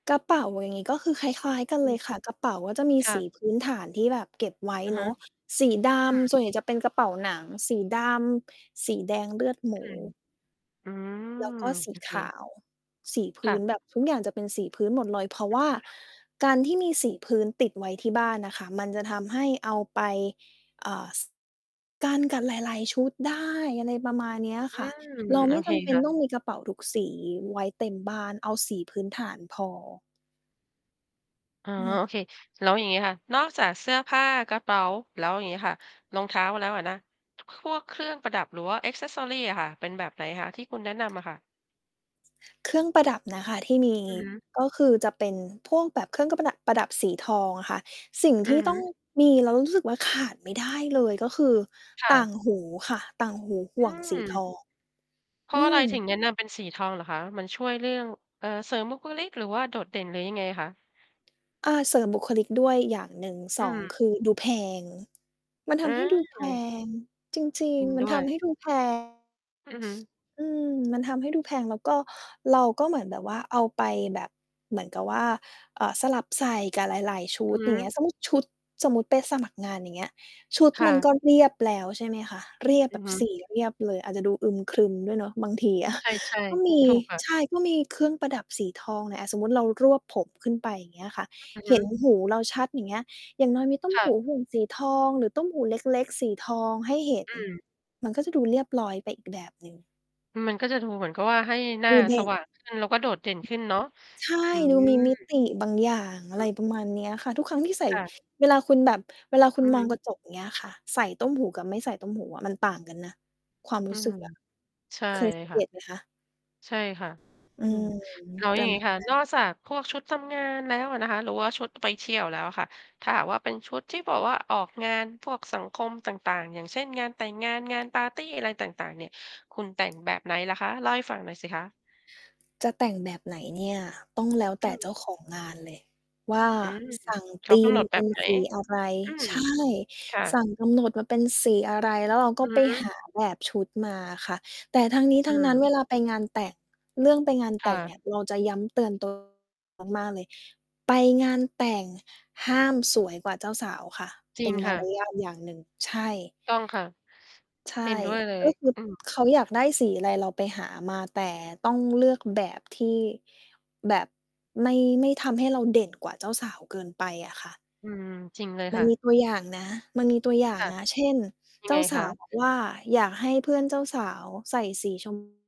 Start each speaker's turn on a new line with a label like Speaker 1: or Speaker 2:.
Speaker 1: กระเป๋าอย่างงี้ ก็คือคล้าย ๆ กัน
Speaker 2: อ
Speaker 1: เล
Speaker 2: ื
Speaker 1: ย
Speaker 2: ม
Speaker 1: ค่ะ กระเป๋าก็จะมี
Speaker 2: ค่
Speaker 1: สี
Speaker 2: ะ
Speaker 1: พื้นฐานที่แบบเก็บไว้
Speaker 2: อะฮ
Speaker 1: เน
Speaker 2: ะ
Speaker 1: าะ สีด
Speaker 2: อื
Speaker 1: ำ
Speaker 2: ม
Speaker 1: ส่วนใหญ่จะเป็นกระเป๋าหนังสีดำ สีแดงเลือดหม
Speaker 2: อื
Speaker 1: ู
Speaker 2: ม อื
Speaker 1: แล
Speaker 2: ม
Speaker 1: ้วก็สี
Speaker 2: โอเค
Speaker 1: ขาว สีพ
Speaker 2: ค
Speaker 1: ื
Speaker 2: ่
Speaker 1: ้น
Speaker 2: ะ
Speaker 1: แบบทุกอย่างจะเป็นสีพื้นหมดเลย เพราะว่าการที่มีสีพื้นติดไว้ที่บ้านน่ะค่ะ มันจะทำให้เอาไป อ่า ส กันกับหลาย ๆ ชุดได้ อะไรประมาณเนี้ย
Speaker 2: อื
Speaker 1: ค่ะ
Speaker 2: ม
Speaker 1: เรา
Speaker 2: โอ
Speaker 1: ไม่
Speaker 2: เค
Speaker 1: จำเป็
Speaker 2: ค
Speaker 1: น
Speaker 2: ่ะ
Speaker 1: ต้องมีกระเป๋าทุกสีไว้เต็มบ้าน เอาสีพื้นฐานพอ
Speaker 2: อ๋อ
Speaker 1: อืม
Speaker 2: โอเค แล้วอย่างงี้ค่ะ นอกจากเสื้อผ้า กระเป๋า แล้วอย่างงี้ค่ะ รองเท้าแล้วอะนะ พวกเครื่องประดับ หรือว่า accessories อะค่ะ เป็นแบบไหนคะ ที่คุณแนะนำอะค่ะ?
Speaker 1: เครื่องประดับนะคะที่มี
Speaker 2: อือฮึ
Speaker 1: ก็คือจะเป็นพวกแบบเครื่องก็กะประดะ ประดับสีทองอะค่ะ สิ่ง
Speaker 2: อื
Speaker 1: ที
Speaker 2: อ
Speaker 1: ่
Speaker 2: ฮ
Speaker 1: ต้อง
Speaker 2: ึ
Speaker 1: มีแล้วรู้สึกว่าขาดไม่ได้เลย ก็คือ
Speaker 2: ค่
Speaker 1: ต่า
Speaker 2: ะ
Speaker 1: งหูค่ะ ต่างหูห
Speaker 2: อ
Speaker 1: ่วงสีท
Speaker 2: ืม
Speaker 1: อง
Speaker 2: เพรา
Speaker 1: อ
Speaker 2: ะ
Speaker 1: ื
Speaker 2: อะไรถึ
Speaker 1: ม
Speaker 2: งแนะนำเป็นสีทองเหรอคะ? มันช่วยเรื่อง เอ่อ เสริมบุคลิก? หรือว่าโดดเด่น? หรือยังไงคะ?
Speaker 1: อ า เสริมบุคลิกด้วยอย่างหนึ่ง
Speaker 2: อ
Speaker 1: ส
Speaker 2: ื
Speaker 1: อง คื
Speaker 2: ม
Speaker 1: อดูแพง มันท
Speaker 2: อ
Speaker 1: ำให้ดูแพ
Speaker 2: า
Speaker 1: ง จริ
Speaker 2: จ
Speaker 1: ง
Speaker 2: ริง
Speaker 1: ๆ มั
Speaker 2: ด
Speaker 1: น
Speaker 2: ้
Speaker 1: ท
Speaker 2: วย
Speaker 1: ำให้ดู แพง
Speaker 2: อือฮึ
Speaker 1: อืม มันทำให้ดูแพง แล้วก็ เราก็เหมือนแบบว่า เอาไปแบบ เหมือนกับว่า เอ่อ สลับใส่กับหลาย ๆ ชุ
Speaker 2: อื
Speaker 1: ด
Speaker 2: อฮ
Speaker 1: อย่าง
Speaker 2: ึ
Speaker 1: เงี้ย สมมุติชุด สมมุติไปสมัครงาน อย่างเงี้ย ชุด
Speaker 2: ค่
Speaker 1: มัน
Speaker 2: ะ
Speaker 1: ก็เรียบแล้ว ใช่ไหมคะ เรียบ
Speaker 2: อ
Speaker 1: แ
Speaker 2: ื
Speaker 1: บ
Speaker 2: อ
Speaker 1: บ
Speaker 2: ฮึ
Speaker 1: สีเรียบเลย อาจจะดูอึมครึมด้วยเนาะ บางทีอะ
Speaker 2: ใช่
Speaker 1: ก็มี
Speaker 2: ๆ ถูกค่ะ
Speaker 1: ใช่ ก็มีเครื่องประดับสีทอง อะสมมุติเรารวบผมขึ้นไป อย่างเงี้ยค่ะ
Speaker 2: อือฮ
Speaker 1: เห็น
Speaker 2: ึ
Speaker 1: หูเราชัด อย่างเงี้ย อย่างน้อยมีตุ้ม
Speaker 2: ค่
Speaker 1: ห
Speaker 2: ะ
Speaker 1: ูหุ่งสีทอง หรือตุ้มหูเล็ก ๆ สีทองให้เห็น
Speaker 2: อืม
Speaker 1: มันก็จะดูเรียบร้อยไปอีกแบบหนึ่ง
Speaker 2: มันก็จะดูเหมือนกับว่า ให้หน้
Speaker 1: ด
Speaker 2: า
Speaker 1: ูเด
Speaker 2: ส
Speaker 1: ็ก
Speaker 2: ว่างขึ้น แล้วก็โดดเด่นขึ้นเนาะ
Speaker 1: ใช่
Speaker 2: อื
Speaker 1: ดูมีมิ
Speaker 2: ม
Speaker 1: ติบางอย่าง อะ
Speaker 2: อื
Speaker 1: ไร
Speaker 2: อ
Speaker 1: ประมาณเนี้ยค่ะ ทุกครั้งที่ใส่
Speaker 2: ค่ะ
Speaker 1: เวลาคุณแบบ เวลาค
Speaker 2: อ
Speaker 1: ุ
Speaker 2: ื
Speaker 1: ณ
Speaker 2: อ
Speaker 1: ม
Speaker 2: ฮ
Speaker 1: อง
Speaker 2: ึ
Speaker 1: กระจก อย่างเงี้ยค่ะ ใส่ตุ้มหูกับไม่ใส่ตุ้มหูอะมันต่างกันนะ ความ
Speaker 2: อ
Speaker 1: ร
Speaker 2: ื
Speaker 1: ู้ส
Speaker 2: ม
Speaker 1: ึก อะ
Speaker 2: ใช่
Speaker 1: เคย
Speaker 2: เล
Speaker 1: สั
Speaker 2: ย
Speaker 1: ง เ
Speaker 2: ค
Speaker 1: ก
Speaker 2: ่ะ
Speaker 1: ตไหมคะ?
Speaker 2: ใช่ค่ะ
Speaker 1: อ
Speaker 2: อ
Speaker 1: ื
Speaker 2: ืม
Speaker 1: ม
Speaker 2: อ๋อ
Speaker 1: ป
Speaker 2: อย่
Speaker 1: ร
Speaker 2: า
Speaker 1: ะ
Speaker 2: งง
Speaker 1: ม
Speaker 2: ี
Speaker 1: า
Speaker 2: ้
Speaker 1: ณ
Speaker 2: ค่ะ
Speaker 1: นั้
Speaker 2: น
Speaker 1: น
Speaker 2: อกจากพวกชุดทำงานแล้วอะนะคะ หรือว่าชุดไปเที่ยวแล้วอะค่ะ ถ้าหากว่าเป็นชุดที่บอกว่า ออกงานพวกสังคมต่าง ๆ อย่างเช่น งานแต่งงาน งานปาร์ตี อะไรต่าง ๆ เนี่ย คุณแต่งแบบไหนเหรอคะ? เล่าให้ฟังหน่อยสิคะ?
Speaker 1: จะแต่งแบบไหนเนี่ย ต้องแล้วแต
Speaker 2: อ
Speaker 1: ่เจ้
Speaker 2: ือ
Speaker 1: าของงานเลยว่า
Speaker 2: อืม
Speaker 1: สั่ง
Speaker 2: เข
Speaker 1: ธ
Speaker 2: า
Speaker 1: ี
Speaker 2: กำ
Speaker 1: ม
Speaker 2: หนดแบ
Speaker 1: เป็
Speaker 2: บ
Speaker 1: น
Speaker 2: ไหน?
Speaker 1: สีอะไร
Speaker 2: อืม
Speaker 1: ใช่
Speaker 2: ค่ะ
Speaker 1: สั่งกำหนดมาเป็นสีอะไร แล้วเราก
Speaker 2: อ
Speaker 1: ็
Speaker 2: ื
Speaker 1: ไป
Speaker 2: อฮึ
Speaker 1: หา แบบชุดมาอะค่ะ แต่ทั้งนี้
Speaker 2: อ
Speaker 1: ท
Speaker 2: ื
Speaker 1: ั้งนั้นเว
Speaker 2: ม
Speaker 1: ลาไปงานแต่ง เรื่องไปงาน
Speaker 2: ค
Speaker 1: แต
Speaker 2: ่
Speaker 1: ่งเน
Speaker 2: ะ
Speaker 1: ี่ย เราจะย้ำเตือน ตัว มาก ๆ เลย ไปงานแต่ง ห้ามสวยกว่าเจ้าสาวค่ะ
Speaker 2: จ
Speaker 1: เ
Speaker 2: ริ
Speaker 1: ป็
Speaker 2: ง
Speaker 1: นม
Speaker 2: ค
Speaker 1: า
Speaker 2: ่ะ
Speaker 1: รยาทอย่างหนึ่ง ใช่
Speaker 2: ต้องค่ะ
Speaker 1: ใช่
Speaker 2: เห็นด้วยเล
Speaker 1: ก
Speaker 2: ย
Speaker 1: ็คือ
Speaker 2: อืม
Speaker 1: เขาอยากได้สีอะไร เราไปหามา แต่ต้องเลือกแบบที่ แบบไม่ ไม่ทำให้เราเด่นกว่าเจ้าสาวเกินไปอะค่ะ
Speaker 2: อืม จริงเลย
Speaker 1: มั
Speaker 2: ค
Speaker 1: น
Speaker 2: ่ะ
Speaker 1: มีตัวอย่างนะ มันมีตัวอย่าง
Speaker 2: ค่ะ
Speaker 1: นะ เช่น
Speaker 2: ยั
Speaker 1: เจ
Speaker 2: ง
Speaker 1: ้
Speaker 2: ไง
Speaker 1: าส
Speaker 2: ค
Speaker 1: าว
Speaker 2: ะ?
Speaker 1: บอก ว่า อยากให้เพื่อนเจ้าสาวใส่สี ชม